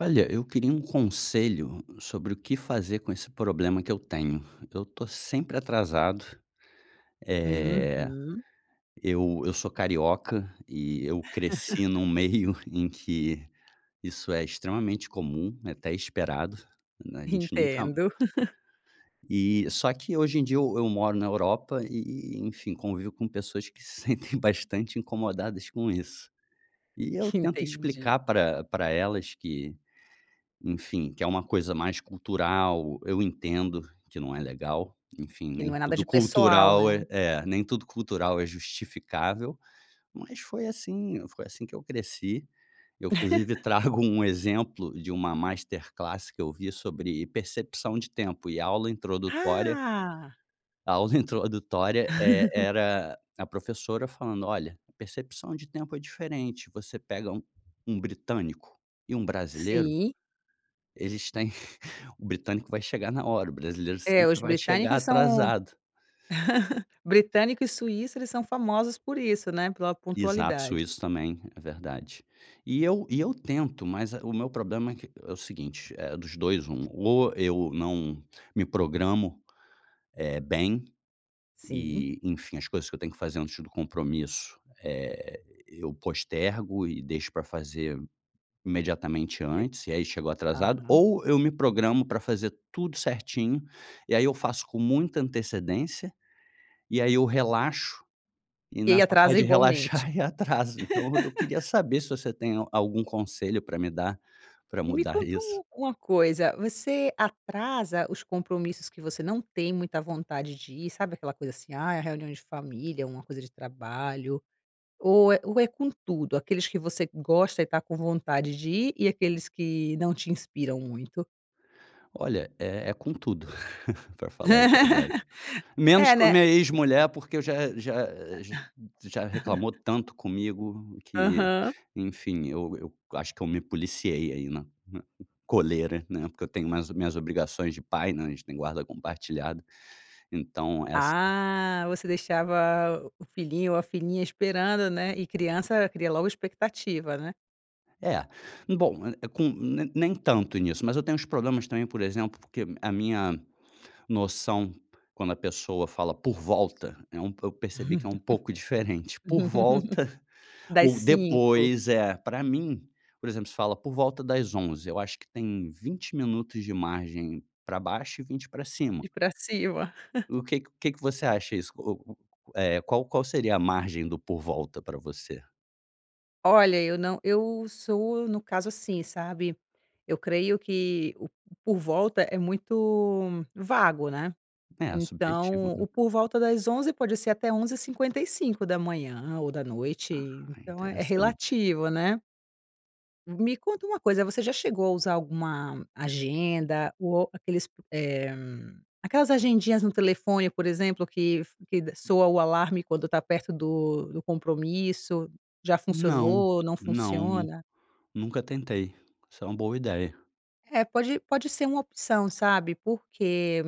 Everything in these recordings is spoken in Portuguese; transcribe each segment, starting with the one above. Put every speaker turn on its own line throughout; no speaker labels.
Olha, eu queria um conselho sobre o que fazer com esse problema que eu tenho, eu estou sempre atrasado. Eh,
Uhum.
eu eu sou carioca e eu cresci num meio em que isso é extremamente comum, é até esperado, né? A gente nunca
Entendo.
e, só que hoje em dia eu eu moro na Europa, e e e enfim, convivo com pessoas que se sentem bastante incomodadas com isso. E eu tento
Entendi.
explicar para para elas que, enfim, que é uma coisa mais cultural. Eu entendo que não é legal, enfim,
Que
nem
não é nada
tudo
de pessoal, né?
cultural é é, nem tudo cultural é justificável, mas foi assim foi assim que eu cresci. Eu inclusive trago um exemplo de uma masterclasse que eu vi sobre percepção de tempo e aula introdutória
Ah!
A aula introdutória é era a professora falando: "Olha, percepção de tempo é diferente. Você pega um um britânico e um brasileiro"
Sim.
"eles têm, o britânico vai chegar na hora, o brasileiro
É,
sempre
os
vai chegar
britânicos são
atrasado".
britânico e suíço, eles são famosos por isso, né. Pela
Exato,
pontualidade.
suíço também, é verdade. E eu e eu tento, mas o meu problema é que é o seguinte, é, dos 2, 1, ou eu não me programo, eh, bem
Sim.
e, enfim, as coisas que eu tenho que fazer antes do compromisso, eh, eu postergo e deixo para fazer imediatamente antes, e aí chego atrasado.
Aham.
Ou eu me programo para fazer tudo certinho, e aí eu faço com muita antecedência, e aí eu relaxo, e
E aí
nessa parte
atrasa
de
igualmente?
relaxar e atraso. Então eu queria saber se você tem algum conselho para me dar, para
Me
mudar
conta
isso.
um uma coisa, você atrasa os compromissos que você não tem muita vontade de ir, sabe aquela coisa assim: "Ai, a reunião de família, é uma coisa de trabalho". Ou é ou é com tudo, aqueles que você gosta e está com vontade de ir, e aqueles que não te inspiram muito?
Olha, é é com tudo pra falar a verdade. Menos
É,
com a
né?
minha ex-mulher, porque eu já já a ge já reclamou tanto comigo que,
Aham.
enfim, eu eu acho que eu me policiei aí, na na coleira, né, porque eu tenho mais minhas obrigações de pai, né, a gente tem guarda compartilhada. Então essa
Ah, você deixava o o filhinho ou a filhinha esperando, né? E criança cria logo expectativa, né?
É, bom, é é com ne nem tanto nisso, mas eu tenho uns problemas também, por exemplo, porque a minha noção, quando a pessoa fala por volta, é um po eu percebi que é um pouco diferente. Por volta
Das
ou
5.
depois é, pra mim por exemplo, se fala por volta das 11h, eu acho que tem 20 minutos de margem pra baixo e 20 pra cima.
Ir pra cima?
O que que que que você acha isso? O u eh, qual qual seria a margem do por volta para você?
Olha, eu não eu sou, no caso assim, sabe, eu creio que o por volta é muito vago, né.
É, subjetivo,
Então,
né?
o por volta das 11 pode ser até 11h55 ou da noite,
Ah,
então é é
interessante.
relativo, né? Me conta uma coisa, você já chegou a usar alguma agenda ou aqueles p eh, aquelas agendinhas no telefone, por exemplo, que f que d soa o alarme quando tá perto do do compromisso? Já
Não,
funcionou, não
não nun
funciona?
nunca tentei. Isso é uma boa ideia.
É, pode pode ser uma opção, sabe, porque,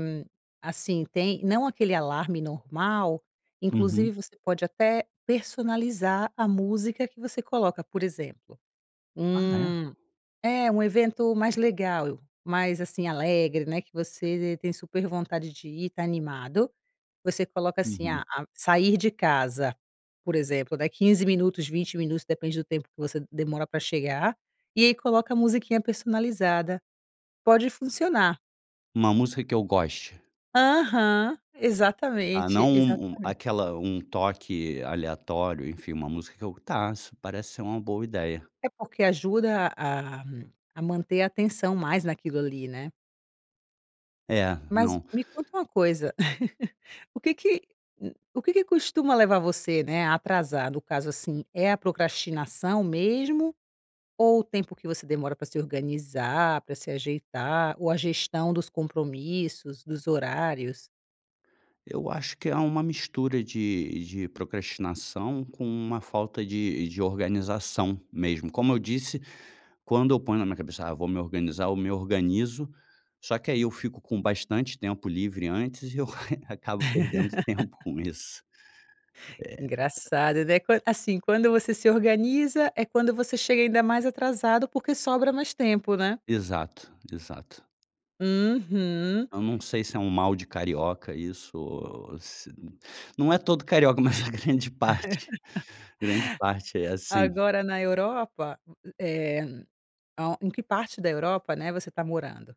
assim, tem não aquele alarme normal, inclusive
Uhum.
você pode até personalizar a música que você coloca, por exemplo,
Ah, é?
hum é, um evento mais legal, mais, assim, alegre, né, que você t tem super vontade de ir, tá animado. Você coloca, assim, a
Uhum.
a sair de casa, por exemplo, né, 15 minutos, 20 minutos, depende do tempo que você demora pra chegar, e aí coloca a musiquinha personalizada, pode funcionar.
Uma música que eu goste.
Aham.
Ah,
Exatamente,
não um um
exatamente.
aquela um toque aleatório, enfim, uma música que eu tá, isso parece ser uma boa ideia.
É porque ajuda a a manter a atenção mais naquilo ali, né.
É,
Mas
não.
me conta uma coisa, o que que u o que que costuma levar você, né, a atrasar, no caso assim, é a procrastinação mesmo, ou o tempo que você demora pra se organizar, pra se ajeitar, ou a gestão dos compromissos, dos horários?
Eu acho que há uma mistura de de procrastinação, com uma falta de de organização mesmo, como eu disse, quando eu ponho na minha cabeça: "Ah, vou me organizar", eu me organizo, só que aí eu fico com bastante tempo livre antes e eu, acabo perdendo tempo com isso, eh.
Engraçado, né? Qu assim, quando você se organiza, é quando você chega ainda mais atrasado, porque sobra mais tempo, né?
Exato, exato.
Uhum.
Eu não sei se é um mal de carioca isso, o o ou se não é todo carioca, mas a grande parte, grande parte é assim.
Agora, na Europa, u u eh, ao em que parte da Europa, né, você tá morando?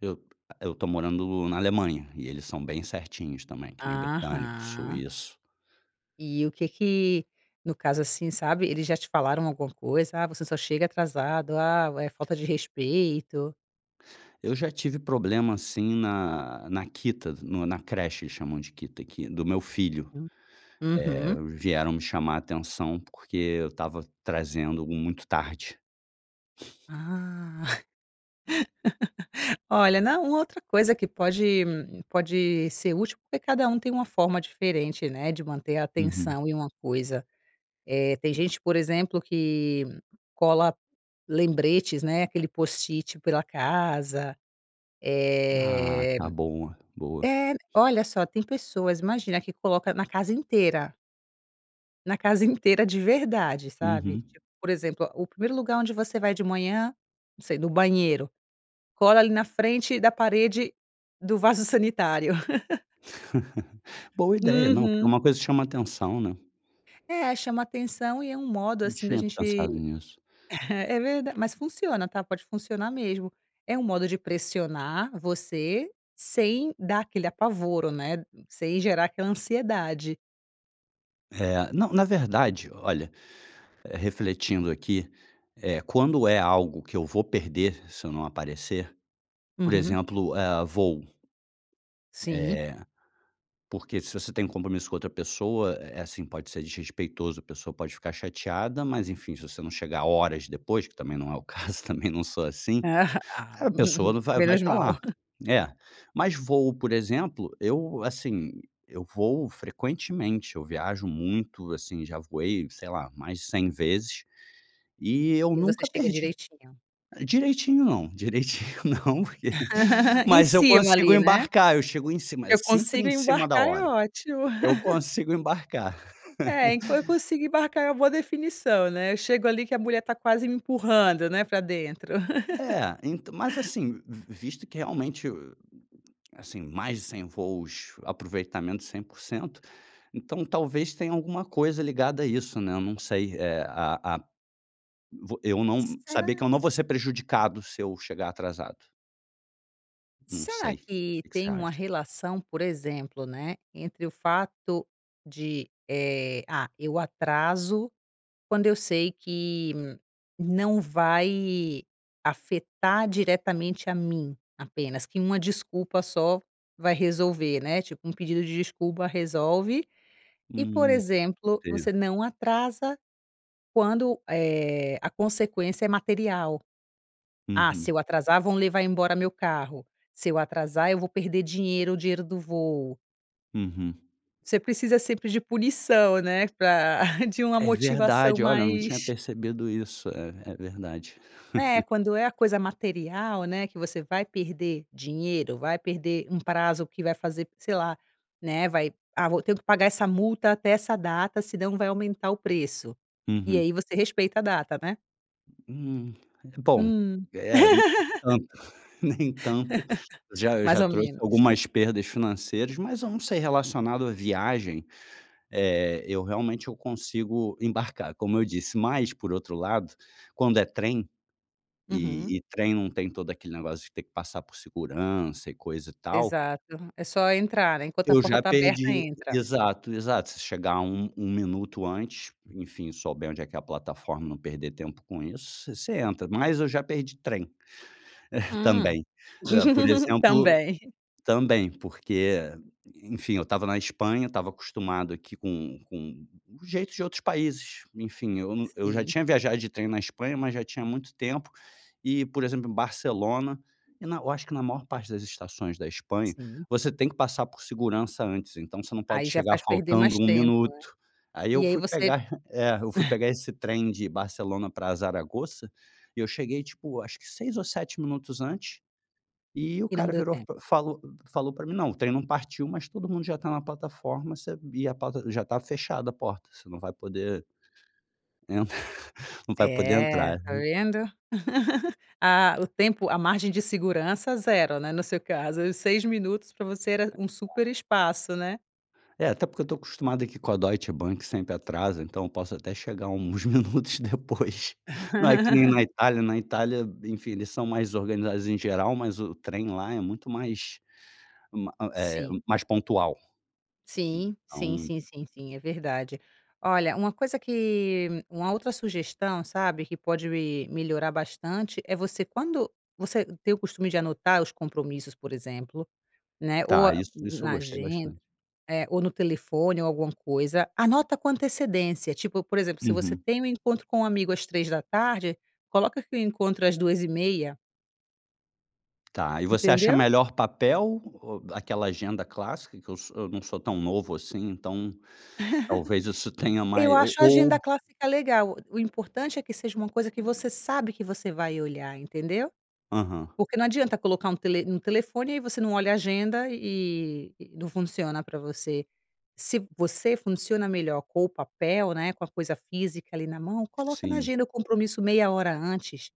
Eu t eu tô morando na Alemanha, e eles são bem certinhos também, que nem britânico,
Aham.
suíço.
E o que que no caso, assim, sabe, eles já te falaram alguma coisa? "Ah, você só chega atrasado. Ah, é falta de respeito".
Eu já tive problema, assim, na na Kita, no na creche, eles chamam de Kita, que do meu filho,
U
eh,
uhum.
vieram me chamar a atenção, porque eu estava trazendo muito tarde.
Ah. Olha, não, uma outra coisa que pode pode ser útil, porque cada um tem uma forma diferente, né, de manter a
Uhum.
atenção em uma coisa, eh, tem gente, por exemplo, que cola lembretes, né, aquele post-it pela casa,
Ah,
eh.
tá bom, boa.
É, olha só, tem pessoas, imagina, que coloca na casa inteira. Na casa inteira de verdade, sabe
Uhum.
tipo, por exemplo, o 1º lugar onde você vai de manhã, não sei, no banheiro, cola ali na frente da parede do vaso sanitário.
Boa ideia, não, porque é
Uhum.
uma coisa que chama atenção, né?
É, chamo atenção e é um modo
Não
assim da
tinha
gente
pensado nisso.
é verda mas funciona, tá, pode funcionar mesmo, é um modo de pressionar você, sem dar aquele apavoro, né, n sem gerar aquela ansiedade.
É, não, na verdade, olha, eh, refletindo aqui, eh, quando é algo que eu vou perder, se eu não aparecer, por
Uhum.
exemplo, eh, voo eh,
Sim.
porque se você tem um compromisso com outra pessoa, eh, assim, pode ser desrespeitoso, a pessoa pode ficar chateada, mas enfim, se você não chegar horas depois, que também não é o caso, também não sou assim,
Ah,
a pessoa não vai mais
menos
tá
mal.
lá, é, mas voo por exemplo, eu assim, eu voo frequentemente, eu viajo muito, assim já voei, sei lá, mais de 100 vezes e eu
E você
nunca
chega
perdi
direitinho?
direitinho não, direitinho não, porque
Em
mas eu
cima
consigo
ali, né.
embarcar, eu chego em cima, eh,
"Eu
sempre
consigo
em cima da
embarcar" é
hora
ótimo.
eu consigo embarcar.
É, en "eu consigo embarcar" é uma definição, né, eu chego ali que a mulher tá quase me empurrando, né, pra dentro.
É, ent mas assim, v visto que realmente, hum, assim, mais de 100 voos, aproveitamento 100% então, talvez tenha alguma coisa ligada a isso, né, eu não sei, eh, a a vo eu não saber que
Será?
eu não vou ser prejudicado se eu chegar atrasado. Num
Será
sei.
que
Que que você
tem uma
acha?
relação, por exemplo, né, entre o fato de, eh, ah, eu atraso quando eu sei que não vai afetar diretamente a mim apenas, que uma desculpa só vai resolver, né. Tipo um pedido de desculpa resolve e, por
Uhum.
exemplo,
Tenha
você não atrasa quando, eh, a consequência é material. "Ah, se
Uhum.
eu atrasar, vão levar embora meu carro. Se eu atrasar, eu vou perder dinheiro, o dinheiro do voo".
Uhum.
Você precisa sempre de punição, né? Pra de uma
É
motivação
verdade! Olha, eu não tinha
mais
percebido isso. É, é verdade.
É quando é a coisa material, né, que você vai perder dinheiro, vai perder um prazo que vai fazer, sei lá, né, vai: "Ah, vou tenho que pagar essa multa até essa data, se não vai aumentar o preço". E
Uhum.
aí você respeita a data, né?
Hum, bom,
Hum.
eh, hum, tanto, nem tanto. Já, eu
Mais
já
ou
trouxe
menos.
algumas perdas financeiras, mas eu não sei, relacionado à viagem. Eh, eu realmente eu consigo embarcar, como eu disse, mas por outro lado, quando é trem
Uhum.
e e trem não tem todo aquele negócio de ter que passar por segurança e coisa e tal
Exato, aham, é só entrar, né. Enquanto a
Eu
porta
já
tá aberta,
perdi.
entra.
Exato, exato. Se chegar 1- 1 minuto antes, enfim, souber onde é que é a plataforma, não perder tempo com isso, você entra, mas eu já perdi trem Eh,
Hã.
também. Por exemplo
Também.
Também. Porque, enfim, eu estava na Espanha, estava acostumado aqui com com o jeitos de outros países, enfim, eu no eu já
Sim.
tinha viajado de trem na Espanha, mas já tinha muito tempo e, por exemplo, em Barcelona e na Eu acho que na maior parte das estações da Espanha,
Sim.
você tem que passar por segurança antes. Então você não
Aí,
pode
já
chegar
faz perder mais
faltando 1
tempo, né?
minuto. Aí
E
eu
aí
fui
você
pegar É, eu fui
Hã.
pegar esse trem de Barcelona pra Zaragoza e eu cheguei tipo acho que 6 ou 7 minutos antes e o
E não
cara
deu
virou,
tempo.
fa falou falou pra mim: "Não, o trem não partiu, mas todo mundo já tá na plataforma, sabia plata já está fechada a porta, você não vai poder entrar não vai poder
É,
entrar,
tá
né.
vendo. Ah, o tempo a margem de segurança 0, né, no seu caso, os 6 minutos pra você era
Tá.
um super espaço, né?
É, até porque eu estou acostumado aqui com a Deutsche Bank sempre atrasa, então eu posso até chegar uns minutos depois não é que nem na Itália, na Itália, enfim, eles são mais organizados em geral, mas o trem lá é muito mais ma eh,
Sim.
mais pontual,
Sim, sim,
então.
sim, sim, sim, é verdade. Olha, uma coisa que uma outra sugestão, sabe, que pode melhorar bastante, é você quando você tem o costume de anotar os compromissos, por exemplo, né? Ou
Tá,
a
isso isso eu
na
gostei
agenda
bastante.
é, ou no telefone ou alguma coisa, anota com antecedência, tipo, por exemplo, se você
Uhum.
tem um encontro com um amigo às 15h, coloca que o encontro às 14h30.
Tá e você acha
Entendeu?
melhor papel ou aquela agenda clássica que eu s eu não sou tão novo assim. Então, talvez isso tenha
Eu
mai ou
acho a
ou
agenda clássica legal. O importante é que seja uma coisa que você sabe que você vai olhar, entendeu?
Aham.
Porque não adianta colocar um tele um telefone. Aí você não olha a agenda e e não funciona para você. Se você funciona melhor com o papel, né, com a coisa física ali na mão, coloca na
Sim.
agenda o compromisso meia hora antes.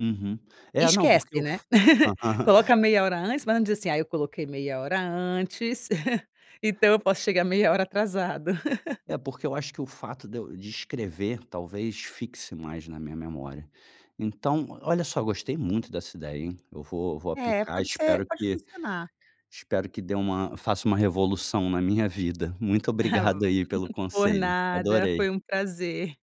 Uhum, é não, porque
Esquece,
eu
né,
f aham.
coloca meia hora antes, mas não diz assim "Ai, eu coloquei meia hora antes, então eu posso chegar meia hora atrasado".
É, porque eu acho que o fato de eu de escrever, talvez fixe mais na minha memória. Então, olha só, eu gostei muito dessa ideia, hein. Eu vou eu vou
É,
aplicar,
pode ser,
espero
pode
que
funcionar.
espero que dê uma faça uma revolução na minha vida. Muito obrigado aí pelo
Por
conselho.
nada,
Adorei.
foi um prazer.